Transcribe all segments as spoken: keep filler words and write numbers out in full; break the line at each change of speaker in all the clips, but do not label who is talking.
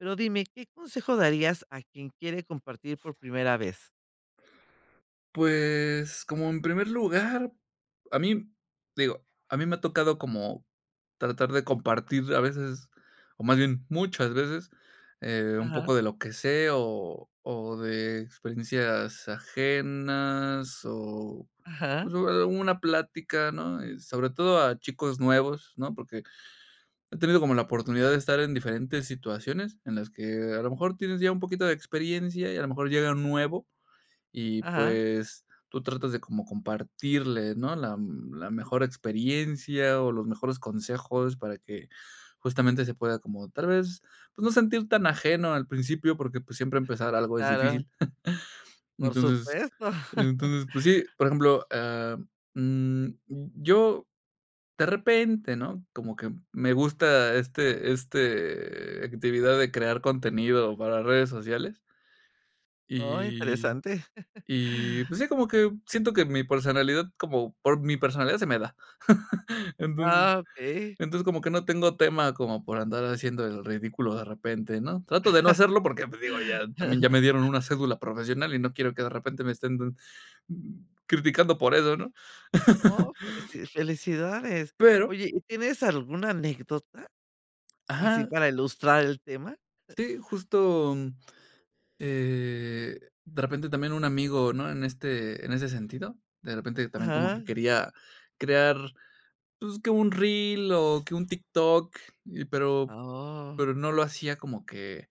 Pero, dime, ¿qué consejo darías a quien quiere compartir por primera vez?
Pues, como en primer lugar, a mí, digo, a mí me ha tocado como tratar de compartir a veces, o más bien, muchas veces, eh, un
Ajá.
poco de lo que sé, o o de experiencias ajenas, o,
Ajá.
pues, [unintelligible] una plática, ¿no?, y sobre todo a chicos nuevos, ¿no?, porque he tenido como la oportunidad de estar en diferentes situaciones en las que a lo mejor tienes ya un poquito de experiencia y a lo mejor llega un nuevo, y
Ajá.
pues, tú tratas de como compartirle, ¿no?, la la mejor experiencia o los mejores consejos para que justamente se pueda como tal vez, pues, no sentir tan ajeno al principio, porque, pues, siempre empezar
Sí,
algo es
claro.
difícil,
Por
entonces
supuesto.
entonces, pues, sí, por ejemplo, ah, mm, y yo de repente, ¿no?, como que me gusta, este este, actividad de crear contenido para redes sociales.
Oh,
Y
interesante.
y pues sí, como que siento que mi personalidad, como por mi personalidad se me da, entonces
Ah, Okey.
entonces, como que no tengo tema como por andar haciendo el ridículo de repente, ¿no?, trato de no hacerlo porque, pues digo, ya también ya me dieron una cédula profesional y no quiero que de repente me estén dan criticando por eso, ¿no?
Oh, felici felicidades,
Pero
oye, ¿y tienes alguna anécdota?, así
Ajá.
para ilustrar el tema.
Sí, justo, mm, eh, de repente también un amigo, ¿no?, en este en ese sentido, de repente también como
Ajá.
que quería crear, pues, que un reel o que un TikTok, y pero pero
Oh.
no lo hacía como que,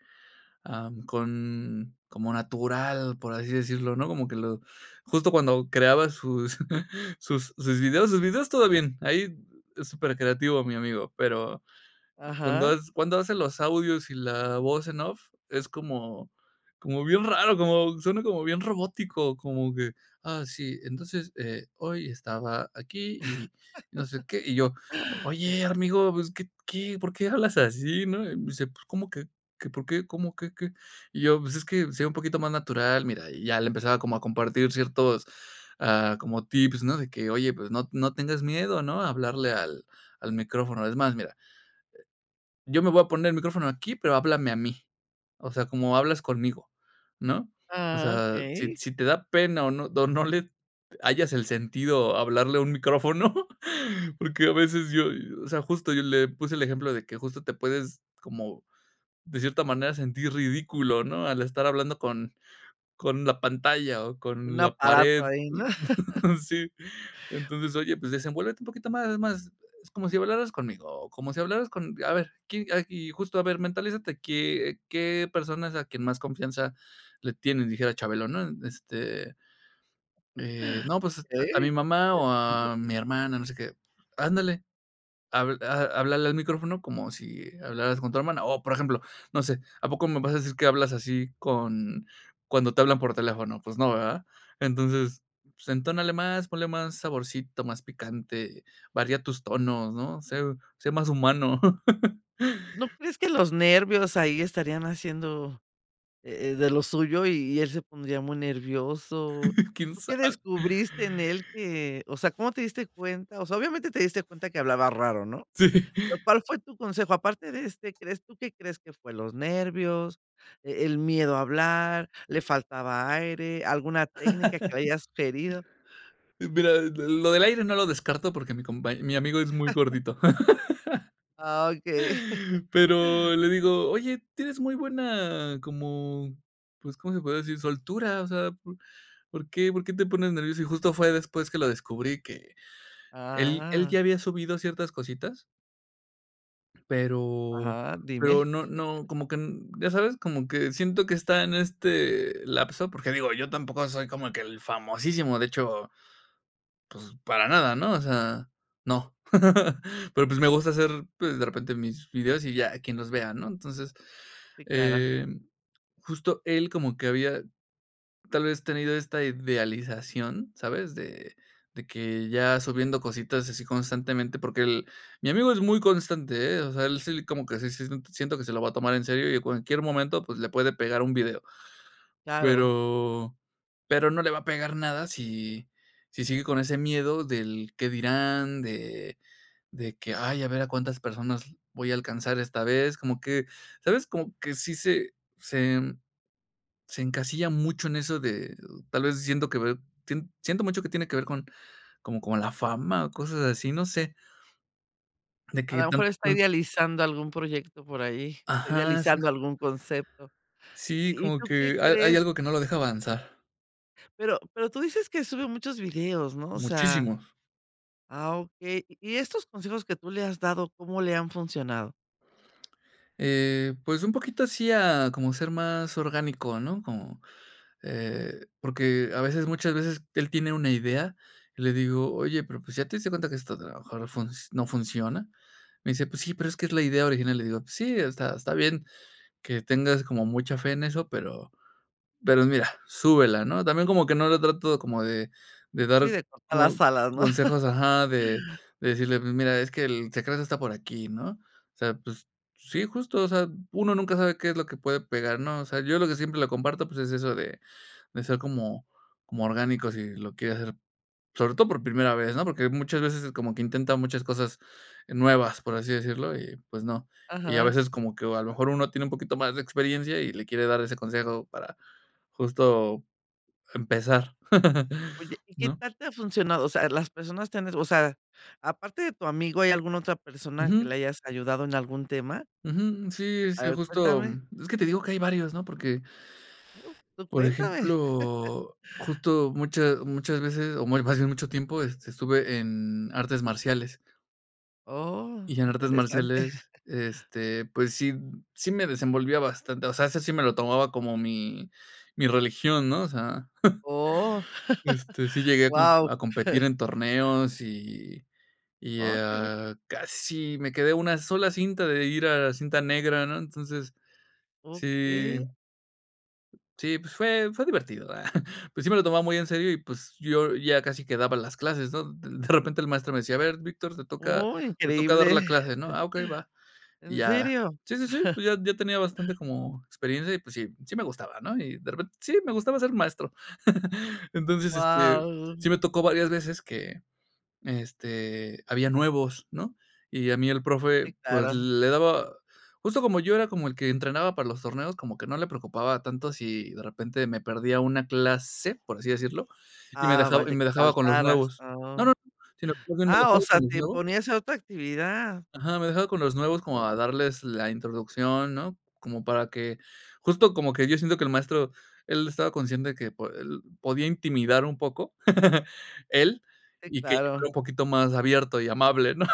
ah, con como natural, por así decirlo, ¿no?, como que lo justo cuando creaba sus sus sus videos sus videos, todo bien, ahí es súper creativo mi amigo, pero cuando
Ajá.
hac cuando hace los audios y la voz en off, es como como bien raro, como suena como bien robótico, como que: "Ah, sí, entonces, eh, hoy estaba aquí y no sé qué", y yo: "Oye, amigo, pues, ¿qué qué?, ¿por qué hablas así?", ¿no?, y me dice: "Pues, ¿cómo que que por qué?, ¿cómo qué, qué?", y yo: "Pues, es que sé un poquito más natural, mira", y ya le empezaba como a compartir ciertos, ah, como tips, ¿no?, de que: "Oye, pues, no no tengas miedo, ¿no?, a hablarle al al micrófono, es más, mira" "yo me voy a poner el micrófono aquí, pero háblame a mí, o sea, como hablas conmigo, ¿no?, o
Ah,
sea, si
okey.
si te da pena o no o no le hallas el sentido a hablarle a un micrófono", porque a veces yo, o sea, justo yo le puse el ejemplo de que justo te puedes como de cierta manera sentir ridículo, ¿no?, al estar hablando con con la pantalla o
Un
con la
aparato
pared.
ahí, ¿no?
Sí, entonces: "Oye, pues desenvuélvete un poquito más, es más, es como si hablaras conmigo, o como si hablaras con, a ver, quién, ah y justo, a ver, mentalízate, qué qué persona es a quien más confianza le tienes", dijera Chabelo, ¿no?, este "Eh, no, pues, a mi
¿Eh?
mamá o a mi hermana, no sé qué, 'ándale, habl a háblale al micrófono como si hablaras con tu hermana, o, por ejemplo, no sé, ¿a poco me vas a decir que hablas así con cuando te hablan por teléfono, pues no, ¿verdad?, entonces, pues entónale más, ponle más saborcito, más picante, varía tus tonos, ¿no?, ser sé más humano'".
¿No crees que los nervios ahí estarían haciendo, eh, de lo suyo y y él se pondría muy nervioso?,
¿Quién
¿tú qué
sabe?
descubriste en él que?, o sea, ¿cómo te diste cuenta?, o sea, obviamente te diste cuenta que hablaba raro, ¿no?,
Sí.
pero, ¿cuál fue tu consejo?, aparte de este, ¿crees tú qué crees que fue los nervios, e el miedo a hablar, le faltaba aire, alguna técnica que le hayas sugerido?
Eh, mira, l lo del aire no lo descarto porque mi compañ mi amigo es muy gordito.
Ah, okey.
Pero le digo: "Oye, tienes muy buena, como, pues, ¿cómo se podría decir?, soltura, o sea, ¿po por qué por qué te pones nervioso?", y justo fue después que lo descubrí que, él él
Ah.
ya había subido ciertas cositas. Pero
Ajá,
pero
dime.
no no, como que n ya sabes, como que siento que está en este lapso, porque digo, yo tampoco soy como que el famosísimo, de hecho, pues, para nada, ¿no?, o sea, no, pero, pues, me gusta hacer, pues, de repente mis videos y ya, quien los vea, ¿no?, entonces,
Sí, claro.
eh, justo él como que había, tal vez, tenido esta idealización, ¿sabes?, de de que ya subiendo cositas así constantemente, porque el mi amigo es muy constante, ¿eh? o sea, él sí, como que sí sí, siento que se lo va a tomar en serio, y en cualquier momento, pues, le puede pegar un video,
Claro.
pero pero no le va a pegar nada si si sigue con ese miedo del qué dirán, de de que: "Ay, a ver a cuántas personas voy a alcanzar esta vez", como que, ¿sabes?, como que sí se se en se encasilla mucho en eso de, tal vez, siento que ve, sien siento mucho que tiene que ver con como con la fama o cosas así, no sé. De
A
que
lo
tan
mejor está
tan
idealizando algún proyecto por ahí, está
Ajá,
idealizando
exacto.
algún concepto,
Sí,
¿y y
como
tú qué
que hay hay
crees?
algo que no lo deja avanzar.
Pero pero tú dices que sube muchos videos, ¿no?, o sea
Muchísimos.
ah, okey, y e estos consejos que tú le has dado, ¿cómo le han funcionado?
Eh, pues un poquito así a como ser más orgánico, ¿no?, como, eh porque a veces muchas veces él tiene una idea, y le digo: "Oye, pero, pues, ¿ya te diste cuenta que esto a lo mejor func no funciona?". Me dice: "Pues sí, pero es que es la idea original". Y le digo: "Sí, está está bien que tengas como mucha fe en eso, pero pero mira, súbela", ¿no? También como que no le trato como de de
Sí,
dar
de cortar las
co
salas, ¿no?
consejos Ajá, de de decirle: "Mi mira, es que el secreto está por aquí, ¿no?" O sea, pues, sí, justo, o sea, uno nunca sabe qué es lo que puede pegar, ¿no? O sea, yo lo que siempre le comparto, pues, es eso de de ser como como orgánico si lo quiere hacer, sobre todo por primera vez, ¿no?, porque muchas veces como que intenta muchas cosas nuevas, por así decirlo, y pues no. Y a
Ajá.
veces como que a lo mejor uno tiene un poquito más de experiencia y le quiere dar ese consejo para justo empezar,
Oye, ¿y qué
¿no?
tal te ha funcionado? O sea, las personas te han es o sea, aparte de tu amigo, ¿hay alguna otra persona que
Ujú.
le hayas ayudado en algún tema?
Ujú. Sí,
A
sí,
ver,
justo,
cuéntame.
mm, es que te digo que hay varios, ¿no? Porque
Uh, tú
por
cuéntame.
ejemplo, justo mucha muchas veces o muy fácil, mucho tiempo, este, estuve en artes marciales
Oh,
y en artes
interesante.
marciales, este, pues sí, sí me desenvolvía bastante, o sea, ese sí me lo tomaba como mi mi religión, ¿no? O sea
Oh,
este, sí llegué a com
wao.
a competir en torneos y y,
Oh, que sí.
a casi me quedé a una sola cinta de ir a la cinta negra, ¿no? Entonces, sí
Okey.
sí, pues fue fue divertido, ah, pues sí me lo tomaba muy en serio y, pues, yo ya casi que daba las clases, ¿no? D de repente el maestro me decía: "A ver, Víctor, te toca
Oh,
te toca dar
increíble.
la clase", ¿no? "Ah, ok, va." Y
¿En
ya
serio?
sí, sí, sí, pues ya ya tenía bastante como experiencia y, pues, sí, sí me gustaba, ¿no? Y de repen sí, me gustaba ser maestro. Entonces, este,
Wao.
sí me tocó varias veces que, este, había nuevos, ¿no?, y a mí el
Sí,
profe, pues,
claro.
le daba justo como yo era como el que entrenaba para los torneos, como que no le preocupaba tanto si de repente me perdía una clase, por así decirlo, y me
Ah,
dejab
vaya,
y
que
me dejaba con los
faltaras,
nuevos. No,
ah.
no, no, sino más bien que me
¡Ah, o
dejaba
sea
con los
te
nuevos.
ponía a hacer otra actividad!
Ajá, me dejaba con los nuevos como
Wao.
a darles la introducción, ¿no?, como para que justo como que yo siento que el maestro, él estaba consciente de que po él podía intimidar un poco, él,
Sí,
y que yo
claro.
era un poquito más abierto y amable, ¿no?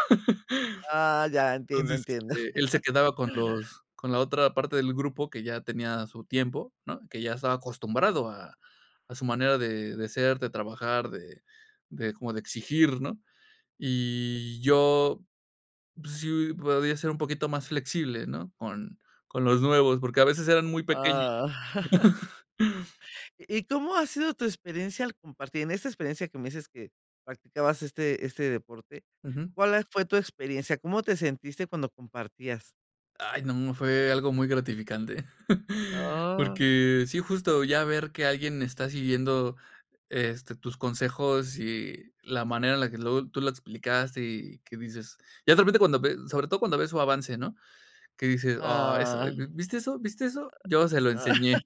Ah, ya, entiendo,
Entonces,
entiendo.
este, él se quedaba con los con la otra parte del grupo que ya tenía su tiempo, ¿no?, que ya estaba acostumbrado a a su manera de de ser, de trabajar, de de como de exigir, ¿no? Y yo, pues sí podía ser un poquito más flexible, ¿no?, con con los nuevos, porque a veces eran muy pequeños.
Ah. ¿Y cómo ha sido tu experiencia al compartir? En esta experiencia que me dices que practicabas este este deporte,
Ujú.
¿cuál a fue tu experiencia? ¿Cómo te sentiste cuando compartías?
Ay, no. Fue algo muy gratificante.
Oh.
Porque sí, justo ya ver que alguien está siguiendo, este, tus consejos y la manera en la que luego tú lo explicaste y que dices ya de repente cuando ve sobre todo cuando ves su avance, ¿no?, que dices: "Oh, eso,
Ah.
¿vi viste eso? ¿Viste eso?, yo se lo enseñé".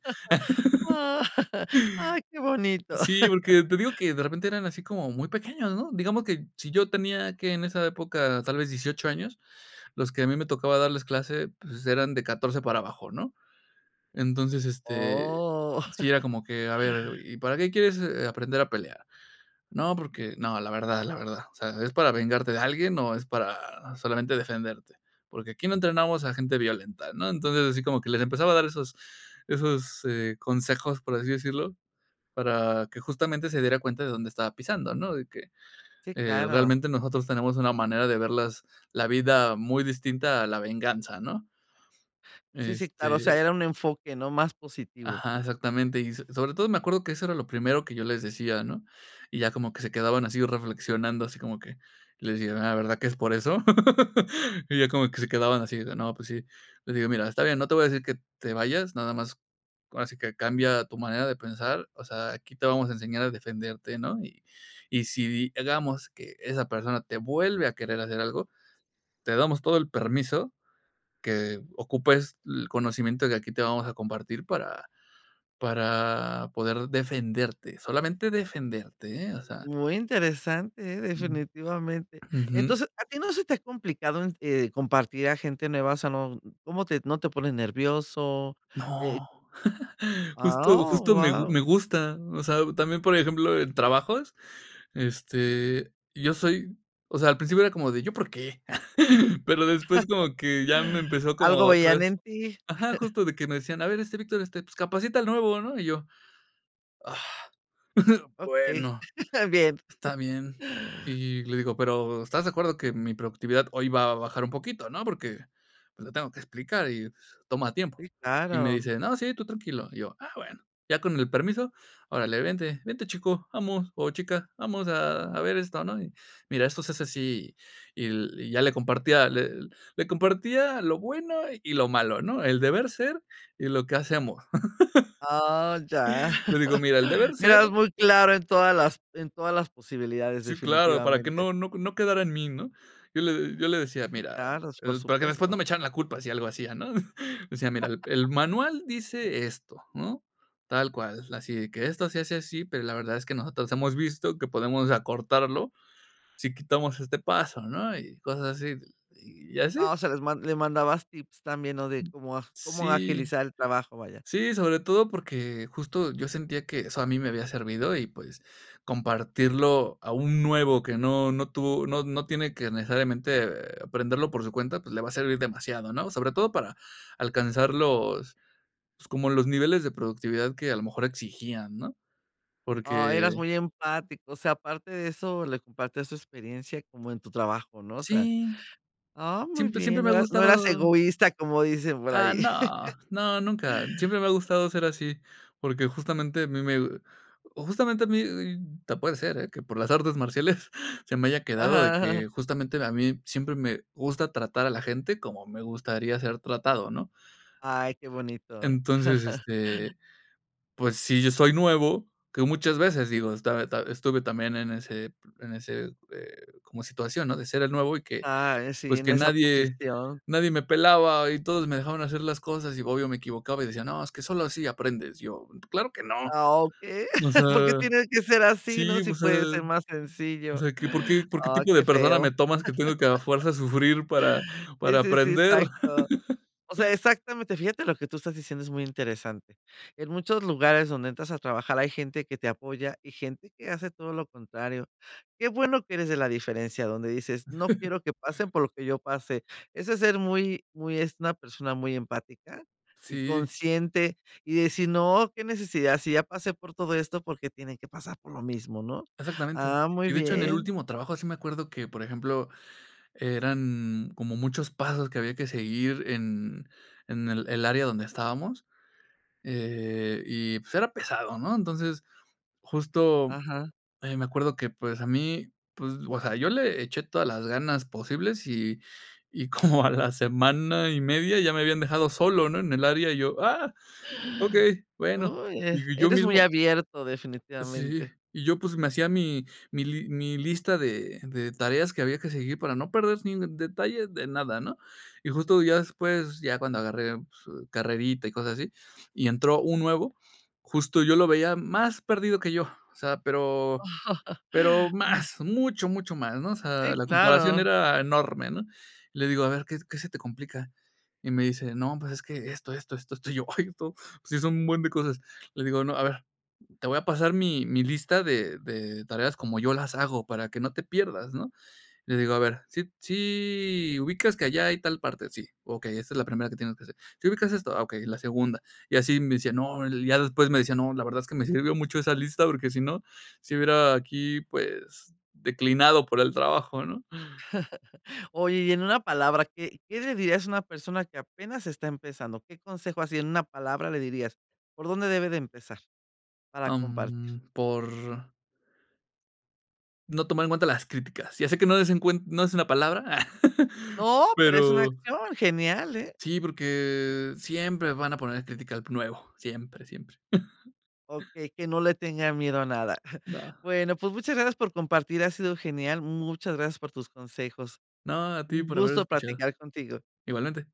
Ah, ¡ay, qué bonito!
Sí, porque te digo que de repente eran así como muy pequeños, ¿no?, digamos que si yo tenía, ¿qué?, en esa época, tal vez dieciocho años, los que a mí me tocaba darles clase, pues, eran de catorce para abajo, ¿no?, entonces, este,
Oh.
sí era como que: "A ver, '¿y para qué quieres aprender a pelear?', 'No, porque' 'No, la verdad, la verdad'. O sea, '¿es para vengarte de alguien, o es para solamente defenderte?', porque aquí no entrenamos a gente violenta", ¿no?, entonces, así como que les empezaba a dar esos esos, eh, consejos, por así decirlo, para que justamente se diera cuenta de dónde estaba pisando, ¿no?, de que,
Sí,
eh,
claro.
realmente nosotros tenemos una manera de ver las la vida muy distinta, a la venganza, ¿no?
Sí, sí, claro. O sea,
Este
era un enfoque, ¿no?, más positivo.
Ajá, exactamente. Y so sobre todo me acuerdo que eso era lo primero que yo les decía, ¿no?, y ya como que se quedaban así reflexionando, así como que, les dije: "Ah, ¿verdad que es por eso?", y ya como que se quedaban así de no, pues sí. Le digo: "Mira, está bien, no te voy a decir que te vayas, nada más, ahora sí que, cambia tu manera de pensar. O sea, aquí te vamos a enseñar a defenderte", ¿no?, y y si di hagamos que esa persona te vuelve a querer hacer algo, te damos todo el permiso que ocupes el conocimiento que aquí te vamos a compartir, para para poder defenderte. Solamente defenderte, ¿eh?, o sea.
Muy interesante, ¿eh?, definitivamente.
Ujú.
Entonces, ¿a ti no se te ha complicado en, eh, compartir a gente nueva?, o sea, no, ¿cómo te no te pones nervioso?, eh
¡No! Justo
Ah, ¡oh,
justo me
guau!
me gusta. O sea, también, por ejemplo, en trabajos, este, yo soy o sea, al principio era como de, ¿yo por qué?, pero después como que ya me empezó como
Algo
otra
veían
vez
en ti.
ajá, justo. De que me decían: "A ver, este Víctor, este, pues, capacita al nuevo", ¿no?, y yo, Ah,
Okey,
bueno,
bien.
está bien. Y le digo: "Pero, ¿estás de acuerdo que mi productividad hoy va a bajar un poquito, no?, porque, pues, le tengo que explicar y toma tiempo".
Sí,
Y me
claro.
dice: "No, sí, tú tranquilo". Y yo: "Ah, bueno". Ya con el permiso: "Órale, vente, vente, chico vamos, o chica. Vamos a a ver esto, ¿no?, y mira, esto se hace así", y y ya le compartía, le le compartía lo bueno y lo malo, ¿no?, el deber ser y lo que hace amor.
Ah, ya.
Le digo: "Mira, el deber ser"
Mira, es muy claro en todas las en todas las posibilidades,
Sí, claro. Para que
definitivamente.
no no no quedara en mí, ¿no?, yo le yo le decía:
Sí,
"Mira,
claros. Por
para que después
supuesto.
no me echaran la culpa, si algo hacía", ¿no?, decía: "Mira, el el manual dice esto, ¿no?, tal cual, así de que esto se hace así, pero la verdad es que nosotros hemos visto que podemos acortarlo, si quitamos este paso", ¿no?, y cosas así. Y así.
Ah, o sea, les mand les mandabas tips también, ¿no?, de cómo cómo
Sí.
agilizar el trabajo, vaya.
Sí, sobre todo porque justo, yo sentía que eso a mí me había servido y, pues, compartirlo a un nuevo que no no tuvo no no tiene que necesariamente, aprenderlo por su cuenta, pues, le va a servir demasiado, ¿no?, sobre todo para alcanzar los pues, como los niveles de productividad que a lo mejor exigían, ¿no?,
Ah,
porque
eras muy empático. O sea, aparte de eso le compartías tu experiencia como en tu trabajo, ¿no?, o sea,
Sí.
ah, muy
Siempre
bien,
siempre
no
me ha
eras no eras
gustado
egoísta, como dicen por
Ah,
ahí.
no. No, nunca. Siempre me ha gustado ser así, porque justamente a mí me justamente a mí te puede ser, que por las artes marciales se me haya quedado de
Ajá, ajá, ajá.
que justamente, a mí siempre me gusta tratar a la gente como me gustaría ser tratado, ¿no?
Ay, qué bonito.
Entonces, este, pues, si yo soy nuevo, que muchas veces, digo, esta esta estuve también en ese en ese, eh, como situación, ¿no?, de ser el nuevo y que,
Ah, eh, sí,
pues,
en
que
esa
nadie
posición.
nadie me pelaba. Y todos me dejaban hacer las cosas, y obvio me equivocaba, y decían: "No, es que solo así aprendes". Yo claro que no.
Ah, okey,
O sea,
¿por qué tiene que ser así, no?,
sí.
si
O sea
puede ser más
o
sencillo.
sea, que, ¿por qué por qué
Ah,
tipo de
qué
persona
feo.
me tomas que tengo que a fuerza sufrir para
Sí,
para
sí, sí,
aprender?
exacto. O sea, exactamente. Fíjate lo que tú estás diciendo es muy interesante. En muchos lugares donde entras a trabajar hay gente que te apoya y gente que hace todo lo contrario. Qué bueno que eres de la diferencia, donde dices: "No quiero que pasen por lo que yo pasé". Eso es ser muy muy es una persona muy empática y
Sí.
consciente, y decir: "No, qué necesidad, si ya pasé por todo esto, ¿por qué tienen que pasar por lo mismo?", ¿no?,
Exactamente.
ah, muy
Y de hecho, en el
bien.
último trabajo, sí me acuerdo que, por ejemplo, eran como muchos pasos que había que seguir en en el el área donde estábamos, eh, y pues, era pesado, ¿no?, entonces, justo,
Ajá.
eh, me acuerdo que, pues, a mí, pues, o sea, yo le eché todas las ganas posibles, y y como a la semana y media ya me habían dejado solo, ¿no?, en el área y yo, "Ah, okey". Bueno,
¡Uy!, eh,
y yo
eres muy
mismo
abierto,
Sí.
definitivamente.
Y yo, pues, me hacía mi mi li mi lista de de tareas que había que seguir para no perder ni detalle de nada, ¿no?, y justo ya después, ya cuando agarré, pues, carrerita y cosas así, y entró un nuevo, justo yo lo veía más perdido que yo. O sea, pero pero más, mucho, mucho más, ¿no?, o
Sí,
sea, la comparación
claro.
era enorme, ¿no?, le digo: "A ver, ¿qué qué se te complica?", y me dice: "No, pues es que esto, esto, esto, esto". Y yo, ay, esto, sí son un buen de cosas. Le digo, ¿no?: "A ver, te voy a pasar mi mi lista de de tareas como yo las hago, para que no te pierdas", ¿no? Le digo: "A ver, ¿sí sí ubicas que allá hay tal parte?", "sí". "Okey, esta es la primera que tienes que hacer". "¿Sí ubicas esto?", "ah, okey, la segunda". Y así me decía: "No" ya después me decía: "No, la verdad es que me sirvió mucho esa lista, porque si no, si hubiera aquí, pues, declinado por el trabajo", ¿no?
Oye, y en una palabra, ¿qué qué le dirías a una persona que apenas está empezando? ¿Qué consejo así, en una palabra le dirías? ¿Por dónde debe de empezar?, para
Ah,
compartir.
mm, por No tomar en cuenta las críticas. Ya sé que no des en cuenta no es una palabra,
¡No!, pero es una
pero
acción, genial, ¿eh?
Sí, porque siempre van a poner crítica al nuevo. Siempre, siempre.
Okey, que no le tenga miedo a nada.
No.
Bueno, pues, muchas gracias por compartir. Ha sido genial. Muchas gracias por tus consejos.
No, a ti
Un
por haber
gusto
escuchado.
platicar contigo.
Igualmente.